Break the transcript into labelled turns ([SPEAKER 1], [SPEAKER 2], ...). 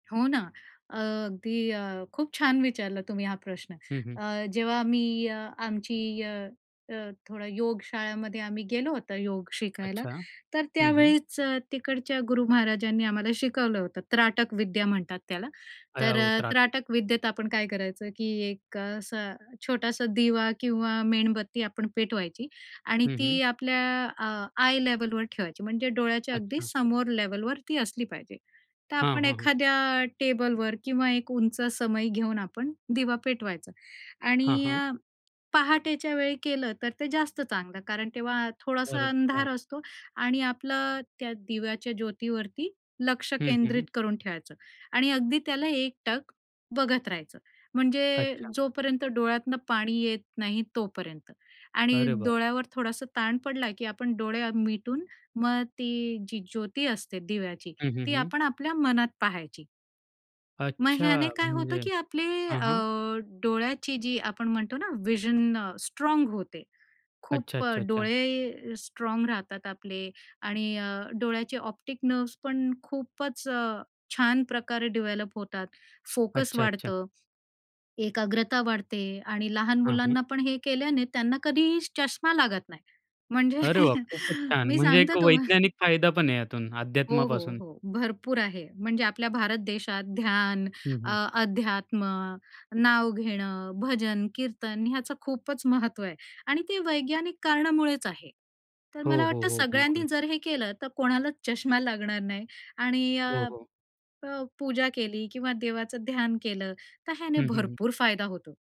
[SPEAKER 1] हो ना. अ, अगदी अ, खूप छान विचारलं तुम्ही हा प्रश्न.
[SPEAKER 2] हं, हं.
[SPEAKER 1] अ, जेव्हा आम्ही आमची अ, अ, थोडा योग शाळेमध्ये आम्ही गेलो होतं योग शिकायला,
[SPEAKER 2] अच्छा,
[SPEAKER 1] तर
[SPEAKER 2] हं, हं.
[SPEAKER 1] त्यावेळीच तिकडच्या गुरु महाराजांनी आम्हाला शिकवलं होतं त्राटक विद्या म्हणतात त्याला. तर
[SPEAKER 2] अ, त्राटक.
[SPEAKER 1] त्राटक विद्येत आपण काय करायचं, की एक असं छोटासा दिवा किंवा मेणबत्ती आपण पेटवायची आणि
[SPEAKER 2] हं,
[SPEAKER 1] ती
[SPEAKER 2] हं.
[SPEAKER 1] आपल्या आ, आय लेव्हलवर ठेवायची. म्हणजे डोळ्याच्या अगदी
[SPEAKER 2] अच्छा.
[SPEAKER 1] समोर लेव्हलवर ती असली पाहिजे. तर
[SPEAKER 2] हां,
[SPEAKER 1] आपण
[SPEAKER 2] हां, हां.
[SPEAKER 1] एखाद्या टेबलवर किंवा एक उंच समई घेऊन आपण दिवा पेटवायचा
[SPEAKER 2] हां,
[SPEAKER 1] आणि
[SPEAKER 2] हां.
[SPEAKER 1] अ, पहाटेच्या वेळी केलं तर ते जास्त चांगलं. कारण तेव्हा थोडासा अंधार
[SPEAKER 2] [unintelligible]
[SPEAKER 1] असतो आणि आपलं त्या दिव्याच्या ज्योतीवरती लक्ष
[SPEAKER 2] हं, हं,
[SPEAKER 1] केंद्रित
[SPEAKER 2] हं.
[SPEAKER 1] करून ठेवायचं आणि अगदी त्याला एकटक बघत राहायचं. म्हणजे
[SPEAKER 2] अच्छा.
[SPEAKER 1] जोपर्यंत डोळ्यांतनं पाणी येत नाही तोपर्यंत आणि
[SPEAKER 2] अरे बाप!
[SPEAKER 1] डोळ्यावर थोडासा ताण पडला, की आपण डोळे मिटून मग ती जी ज्योती असते दिव्याची,
[SPEAKER 2] हं, हं,
[SPEAKER 1] ती
[SPEAKER 2] हं.
[SPEAKER 1] आपण आपल्या मनात पाहायची. मग
[SPEAKER 2] अच्छा
[SPEAKER 1] ह्याने काय होतं,
[SPEAKER 2] म्हणजे
[SPEAKER 1] की आपले
[SPEAKER 2] हां,
[SPEAKER 1] अ,
[SPEAKER 2] हां.
[SPEAKER 1] डोळ्याची जी आपण म्हणतो ना व्हिजन स्ट्राँग होते.
[SPEAKER 2] अच्छा,
[SPEAKER 1] खूप अ,
[SPEAKER 2] अच्छा, अच्छा.
[SPEAKER 1] डोळे स्ट्राँग राहतात आपले आणि अ, डोळ्याचे ऑप्टिक नर्व्हस पण खूपच छान प्रकारे डेव्हलप होतात, फोकस
[SPEAKER 2] अच्छा, अच्छा.
[SPEAKER 1] वाढतं. एकाग्रता वाढते आणि लहान
[SPEAKER 2] हां, हं.
[SPEAKER 1] मुलांनापण हे केल्याने त्यांना कधीही चष्मा लागत नाही. म्हणजे
[SPEAKER 2] अरे वा! खूपच छान.
[SPEAKER 1] मी
[SPEAKER 2] म्हणजे
[SPEAKER 1] सांगते
[SPEAKER 2] एक
[SPEAKER 1] तुम्हाला
[SPEAKER 2] वैज्ञानिक फायदापण आहे यातून,
[SPEAKER 1] हो, हो,
[SPEAKER 2] अध्यात्मापासून.
[SPEAKER 1] हो. भरपूर आहे. म्हणजे आपल्या भारत देशात ध्यान,
[SPEAKER 2] हं,
[SPEAKER 1] अ,
[SPEAKER 2] हं.
[SPEAKER 1] अध्यात्म, नाव घेणं, भजन, कीर्तन ह्याचं खूपच महत्त्व आहे आणि ते वैज्ञानिक कारणामुळेच आहे. तर
[SPEAKER 2] हो,
[SPEAKER 1] मला
[SPEAKER 2] हो,
[SPEAKER 1] वाटतं,
[SPEAKER 2] हो,
[SPEAKER 1] सगळ्यांनी
[SPEAKER 2] बिलकुल.
[SPEAKER 1] जर हे केलं, तर कोणालाच चष्मा लागणार नाही आणि
[SPEAKER 2] हो,
[SPEAKER 1] अ,
[SPEAKER 2] हो.
[SPEAKER 1] प पूजा केली किंवा देवाचं ध्यान केलं, तर ह्याने
[SPEAKER 2] हं, हं, हं.
[SPEAKER 1] भरपूर फायदा होतो.